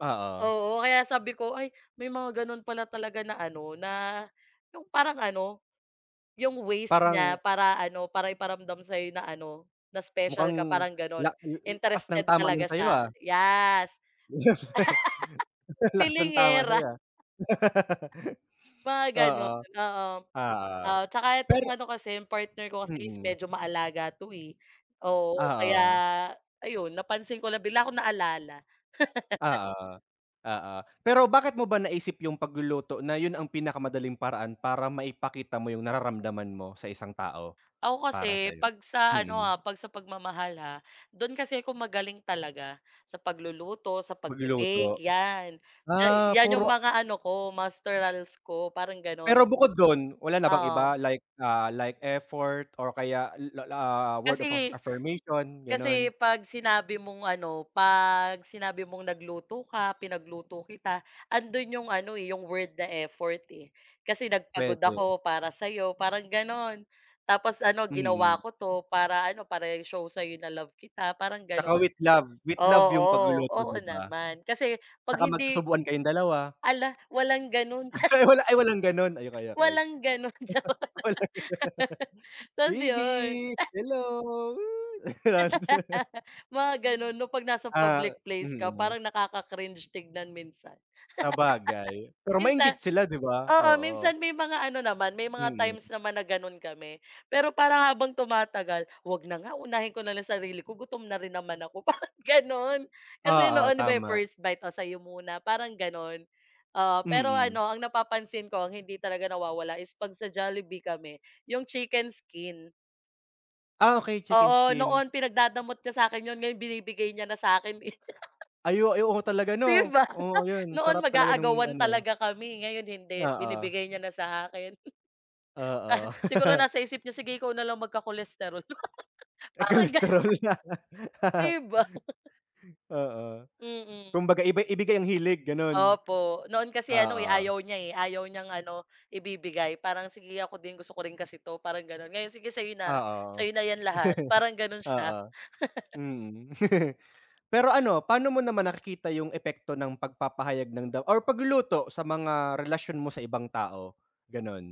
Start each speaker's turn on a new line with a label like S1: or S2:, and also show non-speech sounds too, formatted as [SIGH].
S1: Oo.
S2: Oo, kaya sabi ko, ay may mga gano'n pala talaga na ano, na 'yong parang ano, 'yong ways niya
S1: Parang
S2: para ano, para iparamdam sa'yo na ano, na special
S1: Mukhang
S2: ka parang gano'n.
S1: la l l lakas ng
S2: Interested
S1: tama
S2: talaga
S1: no'n sa'yo,
S2: siya,
S1: ah.
S2: yes! [LAUGHS]
S1: Go jo [CHUCKLES] Ang lakas ng tama
S2: Feelingera.
S1: sa'yo, ah. [LAUGHS]
S2: Mga
S1: Oo.
S2: gano'n, oo.
S1: Oo.
S2: Oo, 'tsaka itong
S1: Pero
S2: ano kasi 'yong partner ko kasi is
S1: Mm.
S2: medyo maalaga 'to, eh. Oo, kaya
S1: Oo.
S2: ayun, napansin ko lang, bigla kong naalala. [CHUCKLES]
S1: Oo, oo. Pero bakit mo ba naisip 'yong pagluluto na 'yon ang pinakamadaling paraan para maipakita mo 'yong nararamdaman mo sa isang tao?
S2: Ako
S1: Para
S2: kasi
S1: sa'yo.
S2: pag sa ano
S1: Mm.
S2: ah pag sa pagmamahal ha dun kasi ako magaling talaga sa pagluluto sa
S1: Pagluluto.
S2: pagbi-bake yan. Diyan
S1: Ah,
S2: yan yung
S1: puro a
S2: mga ano ko Masterals ko parang ganon.
S1: Pero bukod do'n, wala na bang
S2: Oo.
S1: iba, like, ah, like effort or kaya la la ah, word of affir
S2: Kasi
S1: affirmation,
S2: kasi
S1: gano'n?
S2: 'pag sinabi mong ano, 'pag sinabi mong nagluto ka, pinagluto kita, ando'n 'yong ano, eh, 'yong word na effort, eh. Kasi nagpagod
S1: Puwede.
S2: ako para sa'yo, parang gano'n. Tapos ano, ginawa
S1: Mm.
S2: ko 'to para ano, para i-show sa'yo na love kita, parang
S1: 'Tsaka
S2: gano'n.
S1: with love, with love 'yong
S2: Oo,
S1: pagluluto,
S2: oo
S1: 'di ba.
S2: naman. Kasi 'pag
S1: 'Tsaka
S2: hindi
S1: magkasubuan kayong dalawa.
S2: hala, walang gano'n.
S1: [LAUGHS]
S2: [SCOFFS]
S1: Ay wala, ay walang gano'n? Ay okay, okay.
S2: Walang gano'n. Jo [LAUGHS]
S1: [LAUGHS] Walang [LAUGHS]
S2: 'tas
S1: baby,
S2: 'yon, eh
S1: hello, woo, gano'n.
S2: [LAUGHS] Mga gano'n, 'no, pag nasa
S1: [LAUGHS] 'Yan. Ah
S2: public place ka
S1: mm.
S2: parang nakaka-cringe tignan minsan.
S1: Sabagay. Pero
S2: [LAUGHS] Minsan
S1: mainggit sila, 'di ba?
S2: oo,
S1: Oo.
S2: minsan may mga ano naman, may mga
S1: Mm.
S2: times naman na gano'n kami, pero parang habang tumatagal, "Huwag na nga, unahin ko na lang sarili ko gutom na rin naman ako," parang gano'n. Kasi
S1: Oo,
S2: noon, 'di ba, 'yong
S1: tama.
S2: first bite, o sa'yo muna, parang gano'n. Oo, pero
S1: Mm.
S2: ano, ang napapansin ko ang hindi talaga nawawala is pag sa Jollibee kami, 'yong chicken skin.
S1: Ah, okey. Chicken
S2: Oo,
S1: skin.
S2: noon pinagdadamot niya sa'kin 'yon ngayon binibigay niya na sa'kin, eh. [GIGGLES]
S1: Ay o ay oo, talaga, 'no?
S2: 'Di ba? [CHUCKLES]
S1: Oo 'yon,
S2: Noon
S1: sarap talaga no'ng
S2: mag-aagawan
S1: ano
S2: talaga kami, ngayon hindi,
S1: Oo.
S2: binibigay niya na sa akin. [CHUCKLES] Ah,
S1: Oo.
S2: siguro
S1: [CHUCKLES]
S2: nasa isip niya, sige ikaw na lang magka-cholesterol [GIGGLES]
S1: Eh,
S2: parang ga
S1: cholesterol.
S2: [GIGGLES]
S1: [LAUGHS]
S2: 'Di ba? [CHUCKLES]
S1: Oo.
S2: Mm.
S1: Kumbaga iba ibigay ang hilig, gano'n?
S2: Opo. Noon kasi ano, eh,
S1: Oo.
S2: ayaw niya, eh, ayaw niyang ano, ibibigay. Parang sige, ako din gusto ko rin kasi 'to, parang gano'n. Ngayon, sige sa'yo
S1: Oo.
S2: na,
S1: [CHUCKLES]
S2: sa'yo na 'yan lahat, parang gano'n,
S1: Oo.
S2: siya. [CHUCKLES]
S1: Mm. [CHUCKLES] Pero ano, pa'no mo naman nakikita 'yong epekto ng pagpapahayag ng da or pagluluto sa mga relasyon mo sa ibang tao? Gano'n.